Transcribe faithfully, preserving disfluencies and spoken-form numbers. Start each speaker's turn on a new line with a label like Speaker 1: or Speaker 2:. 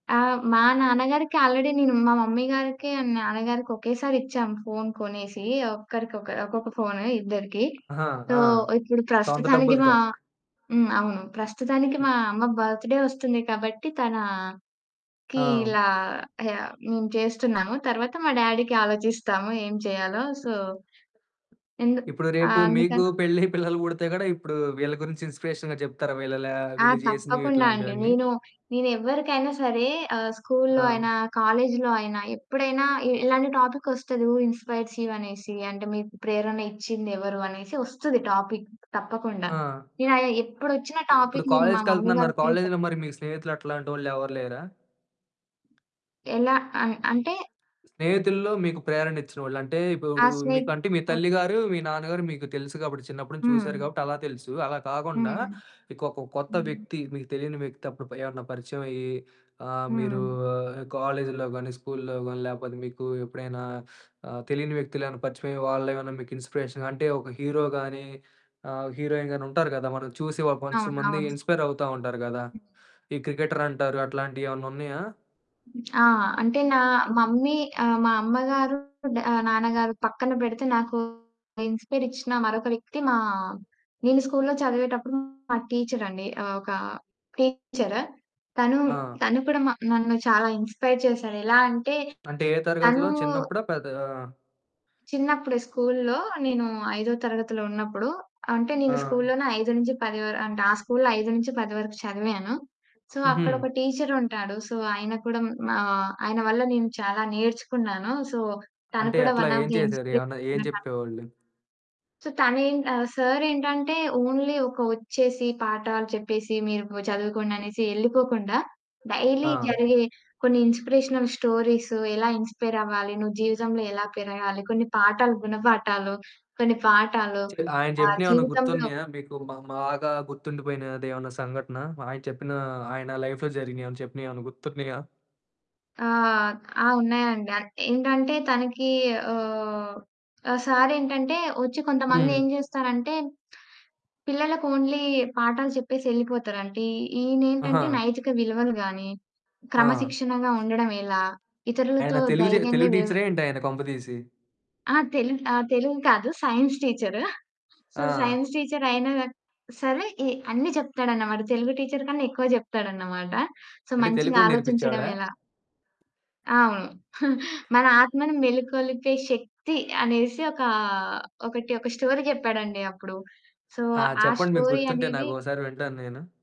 Speaker 1: ఆ! మా నాన్నగారికి ఆల్రెడీ నేను మా మమ్మీ గారికి అండ్ నాన్నగారికి ఒకేసారిచ్చాం ఫోన్ కొనేసి ఒక్కరికొక ఒక్కొక్క ఫోను ఇద్దరికీ.
Speaker 2: ఆహా!
Speaker 1: సో,
Speaker 2: ఆ!
Speaker 1: ఇప్పుడు
Speaker 2: సొంత
Speaker 1: ప్రస్తుతానికి మా
Speaker 2: డబ్బులుతో.
Speaker 1: హ్మ్. అవును. ప్రస్తుతానికి
Speaker 2: హ్మ్.
Speaker 1: మా అమ్మ బర్త్‌డే వస్తుంది కాబట్టి, తనకీ
Speaker 2: హ్మ్.
Speaker 1: ఇలా మేము చేస్తున్నాము, తర్వాత మా డ్యాడీ‌కి ఆలోచిస్తాము ఏం చెయ్యాలో. సో, ఎందుక్
Speaker 2: ఇప్పుడు రేపు
Speaker 1: ఆహ్,
Speaker 2: మీకూ
Speaker 1: అందుకన్
Speaker 2: పెళ్ళై పిల్లలు పుడితే గూడా ఇప్పుడూ వీళ్ళ గురించి ఇన్‌స్పిరేషన్‌గా జెప్తారా వీళ్ళెలా,
Speaker 1: ఆ!
Speaker 2: వీళ్ళు జేసినివి
Speaker 1: తప్పకుండా అండి.
Speaker 2: ఇట్లాంటివన్నీ?
Speaker 1: నేను, నేనెవ్వరికైనా ఆహ్, సరే స్కూల్‌లో
Speaker 2: ఆ!
Speaker 1: అయినా, కాలేజ్‌లో అయినా, ఎప్పుడైనా ఇ ఇలాంటి టాపిక్కొస్తది హూ ఇన్‌స్పైర్స్ యూ అనేసి. అంటే, మీకు ప్రేరణ ఇచ్చింది ఎవరు? అనేసి ఒస్తది. టాపిక్ తప్పకుండా.
Speaker 2: ఆ! సాధనకి
Speaker 1: నేనయా ఎప్పుడొచ్చినా
Speaker 2: ఇప్పుడు
Speaker 1: టాపిక్, నేను మా మమ్మీ
Speaker 2: కాలేజ్‌కెళ్తనన్నారు,
Speaker 1: గారి పేరే
Speaker 2: కాలేజ్‌లో
Speaker 1: చెప్తా.
Speaker 2: మరి మీకు స్నేహితులు అట్లాంటోళ్ళెవరు లేరా?
Speaker 1: ఎలా అ అంటే
Speaker 2: స్నేహితుల్లో మీకు ప్రేరణిచ్చినవోళ్ళు అంటే,
Speaker 1: ఆ!
Speaker 2: ఇపుడు
Speaker 1: స్నేక్
Speaker 2: మీకు అంటే, మీ
Speaker 1: ఓహ్!
Speaker 2: తల్లి గారు, మీ నాన్న గారు మీకు తెలుసు గాబట్టి, చిన్నప్పుడు నుంచి చూసారు
Speaker 1: హ్మ్.
Speaker 2: గాబట్టి అలా తెలుసు. అలా కాకుండా
Speaker 1: హ్మ్.
Speaker 2: ఇకొక కొత్త
Speaker 1: హ్మ్.
Speaker 2: వ్యక్తి మీకు తెలీని వ్యక్తి అప్పుడు ప ఎవరన్నా పరిచయమయ్యీ, ఆహ్, మీరూ
Speaker 1: హ్మ్.
Speaker 2: కాలేజ్‌లో గానీ, స్కూల్లో గానీ, లేపోతే మీకు ఎప్పుడైనా ఆహ్, తెలియని వ్యక్తులేవన్నా పరిచయమయ్యి, వాళ్ళేవన్నా మీకు ఇన్‌స్పిరేషన్‌గా అంటే, ఒక హీరో గానీ, హీరోయిన్‌ గానీ ఉంటారు గదా మనం చూసి ఒక వన్స్
Speaker 1: అవును.
Speaker 2: మంది
Speaker 1: అవును.
Speaker 2: ఇన్‌స్పైరవుతా ఉంటారు గదా! ఈ క్రికెటరటారు, అట్లాంటియేవన్నున్నయా?
Speaker 1: ఆ! అంటే, నా మమ్మీ ఆహ్, మా అమ్మగారు, డ నాన్నగారు పక్కన బెడితే నాకు ఇన్‌స్పైరిచ్చిన మరొక వ్యక్తి మా నేను స్కూల్లో చదివేటప్పుడు మా టీచరండి. ఆహ్, ఒకా టీచర్. తనూ,
Speaker 2: ఆ!
Speaker 1: తను కూడా నన్ను చాలా ఇన్‌స్పైర్ చేశాడు. ఎలా అంటే,
Speaker 2: అంటే, ఏ తరగతిలో
Speaker 1: తనూ
Speaker 2: చిన్నప్పుడా, పెద్దా?
Speaker 1: చిన్నప్పుడే స్కూల్లో నేను ఐదో తరగతిలో ఉన్నప్పుడు, అంటే నేను
Speaker 2: ఆ!
Speaker 1: స్కూల్లోనే ఐదు నుంచి పది వర్ అంటే, ఆ స్కూల్‌లో ఐదు నుంచి పది వరకు చదివాను. సో,
Speaker 2: హుహు.
Speaker 1: అక్కడొక టీచరుంటాడు. సో, ఆయన కూడా హ్మ్. మా ఆయన వల్ల నేను చాలా నేర్చుకున్నాను. సో, తను
Speaker 2: అంటే,
Speaker 1: కూడా
Speaker 2: ఎట్లా,
Speaker 1: వన్ ఆఫ్
Speaker 2: ఏం
Speaker 1: ద
Speaker 2: చేశారు? ఏవన్నా ఏం
Speaker 1: ఇన్‌స్పిరేషనే నాకు.
Speaker 2: చెప్పేవోళ్ళు?
Speaker 1: సో, తనేంట్ ఆహ్, సారేంటంటే, ఓన్లీ ఒక ఒచ్చేసి, పాఠాలు చెప్పేసి, మీరూ చదువుకోండనేసీ యెళ్ళిపోకుండా, డైలీ
Speaker 2: ఆ!
Speaker 1: జరిగే కొన్ని ఇన్‌స్పిరేషనల్ స్టోరీసు, ఎలా ఇన్‌స్పైరవ్వాలి, నువ్వు జీవితంలో ఎలా పెరగాలి, కొన్ని పాఠాలు గుణపాఠాలు, కొన్ని పాఠాలు,
Speaker 2: చెప్ ఆయన
Speaker 1: ఆహ్,
Speaker 2: చెప్పినయేవన్నా
Speaker 1: జీవితంలో
Speaker 2: గుర్తున్నయా మీకు మా బాగా గుర్తుండిపోయినదేవన్నా సంఘటన? ఆయన చెప్పినా, ఆయన లైఫ్‌లో జరిగినియేవన్నా చెప్పినయేవన్నా గుర్తున్నయా?
Speaker 1: ఆ! ఆ! ఉన్నాయండి. అన్ ఏంటంటే, తనకీ ఆహ్, ఆ సారేంటంటే ఒచ్చి
Speaker 2: హ్మ్.
Speaker 1: కొంతమందేం జేస్తారంటే, పిల్లలకు ఓన్లీ పాఠాలు చెప్పేసెళ్ళిపోతారు. అంటే, ఈ ఈయనేంటంటే,
Speaker 2: ఆహా!
Speaker 1: నైతిక విలువలు గానీ,
Speaker 2: ఆ!
Speaker 1: క్రమశిక్షణగా ఉండడం ఎలా,
Speaker 2: ఆయన
Speaker 1: ఇతరులతో
Speaker 2: తెలుగు జే
Speaker 1: ధైర్యంగా
Speaker 2: తెలుగు
Speaker 1: వ్యవ
Speaker 2: టీచరా ఏంటాయన కొంపదీసి?
Speaker 1: ఆ! తెలు ఆహ్, తెలుగు కాదు, సైన్స్ టీచర్. సో,
Speaker 2: ఆ!
Speaker 1: సైన్స్ టీచరయినా సరే ఎ అన్ని చెప్తాడనమాట. తెలుగు టీచర్ కన్నా ఎక్కువ చెప్తాడనమాట. సో,
Speaker 2: అంటే, తెలుగు
Speaker 1: మంచిగా
Speaker 2: గూడా నేర్పిచ్చేవాడా?
Speaker 1: ఆలోచించడవెలా? అవును. మన ఆత్మను మేలుకొలిపే శక్తి అనేసి ఒకా ఒకటి ఒక స్టోరీ చెప్పాడండీ అప్పుడు. సో,
Speaker 2: ఆ!
Speaker 1: ఆ
Speaker 2: చెప్పండి మీకు
Speaker 1: స్టోరీ
Speaker 2: గుర్తుంటే
Speaker 1: అనేది
Speaker 2: నాకొకసారి వింటాను నేను.